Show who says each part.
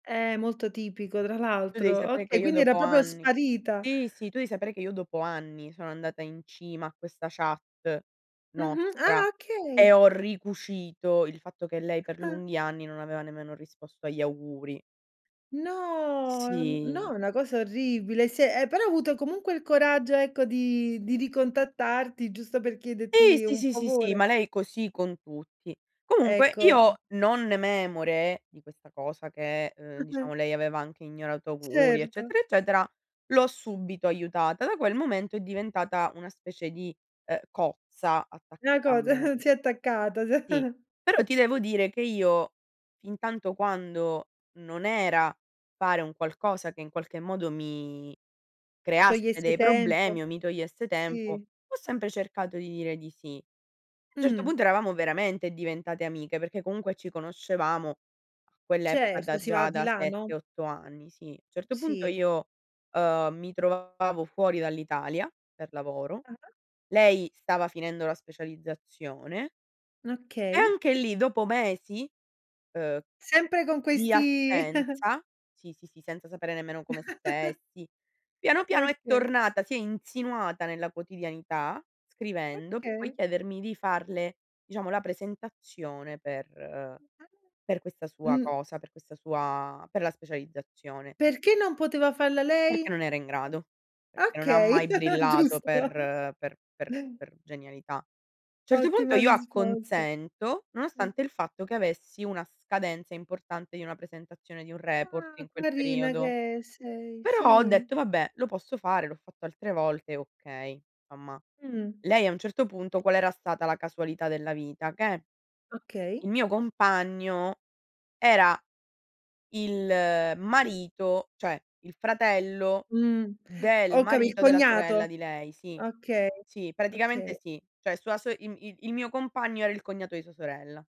Speaker 1: Eh, molto tipico tra
Speaker 2: Tu devi
Speaker 1: l'altro.
Speaker 2: sapere che
Speaker 1: Okay,
Speaker 2: io
Speaker 1: quindi era
Speaker 2: dopo
Speaker 1: proprio
Speaker 2: anni
Speaker 1: sparita.
Speaker 2: sì, sì. Tu devi sapere che io dopo anni sono andata in cima a questa chat
Speaker 1: Mh-mh,
Speaker 2: nostra
Speaker 1: ah, okay!
Speaker 2: e ho ricucito il fatto che lei per
Speaker 1: Ah.
Speaker 2: lunghi anni non aveva nemmeno risposto agli auguri.
Speaker 1: No, no,
Speaker 2: Sì.
Speaker 1: è una cosa orribile, se eh, però ha avuto comunque il coraggio, ecco, di di ricontattarti, giusto per
Speaker 2: Sì,
Speaker 1: chiederti
Speaker 2: sì,
Speaker 1: un
Speaker 2: sì, sì, sì,
Speaker 1: favore.
Speaker 2: ma lei è così con tutti. Comunque
Speaker 1: Ecco, ehm.
Speaker 2: io non memore di questa cosa che, ehm,
Speaker 1: Mh-mh.
Speaker 2: diciamo lei aveva anche ignorato auguri
Speaker 1: Certo.
Speaker 2: eccetera eccetera, l'ho subito aiutata. Da quel momento è diventata una specie di, eh, cozza
Speaker 1: Una
Speaker 2: attaccata a
Speaker 1: cosa,
Speaker 2: me.
Speaker 1: si è attaccata, si
Speaker 2: Sì, però ti devo dire che io fintanto quando non era fare un qualcosa che in qualche modo mi creasse
Speaker 1: Togliesse
Speaker 2: dei
Speaker 1: tempo.
Speaker 2: problemi o mi togliesse tempo,
Speaker 1: Sì.
Speaker 2: ho sempre cercato di dire di sì. Certo
Speaker 1: Mh.
Speaker 2: punto eravamo veramente diventate amiche, perché comunque ci conoscevamo a quell'epoca
Speaker 1: Certo,
Speaker 2: da
Speaker 1: si va
Speaker 2: già
Speaker 1: di
Speaker 2: da
Speaker 1: là,
Speaker 2: 7,
Speaker 1: no?
Speaker 2: 8 anni, sì. Certo punto
Speaker 1: Sì.
Speaker 2: io, ehm, mi trovavo fuori dall'Italia, per lavoro,
Speaker 1: Ah-ah.
Speaker 2: lei stava finendo la specializzazione
Speaker 1: Okay.
Speaker 2: anche lì dopo mesi, uhm,
Speaker 1: Sempre con
Speaker 2: di
Speaker 1: questi
Speaker 2: assenza sì, sì, sì, senza sapere nemmeno come stessi. Piano, piano è
Speaker 1: Okay.
Speaker 2: tornata, si è insinuata nella quotidianità scrivendo per poi
Speaker 1: Okay.
Speaker 2: chiedermi di farle, diciamo, la presentazione per per questa
Speaker 1: [unintelligible]
Speaker 2: sua
Speaker 1: Mh.
Speaker 2: cosa, per questa sua per la specializzazione.
Speaker 1: Perché non poteva farla
Speaker 2: Perché
Speaker 1: lei?
Speaker 2: non era in grado. Perché non ha
Speaker 1: Okay,
Speaker 2: mai brillato
Speaker 1: giusto.
Speaker 2: per per per per genialità. Certo punto
Speaker 1: Ottima
Speaker 2: io
Speaker 1: risposta.
Speaker 2: acconsento, nonostante il fatto che avessi una scadenza importante di una presentazione di un report
Speaker 1: Ah,
Speaker 2: in quel
Speaker 1: carina
Speaker 2: periodo,
Speaker 1: che è sei,
Speaker 2: però ho
Speaker 1: sì.
Speaker 2: detto: "Vabbè, lo posso fare, l'ho fatto altre volte, okay". Insomma.
Speaker 1: Uhm.
Speaker 2: Lei a un certo punto qual era stata la casualità della vita? Che il
Speaker 1: Okay.
Speaker 2: mio compagno era il marito, cioè il fratello
Speaker 1: Mh,
Speaker 2: del
Speaker 1: ho capi il
Speaker 2: marito della
Speaker 1: cognato.
Speaker 2: sorella di lei. Sì,
Speaker 1: Okay,
Speaker 2: sì, praticamente
Speaker 1: okay.
Speaker 2: sì. Cioè sua so i i il mio compagno era il cognato di sua sorella.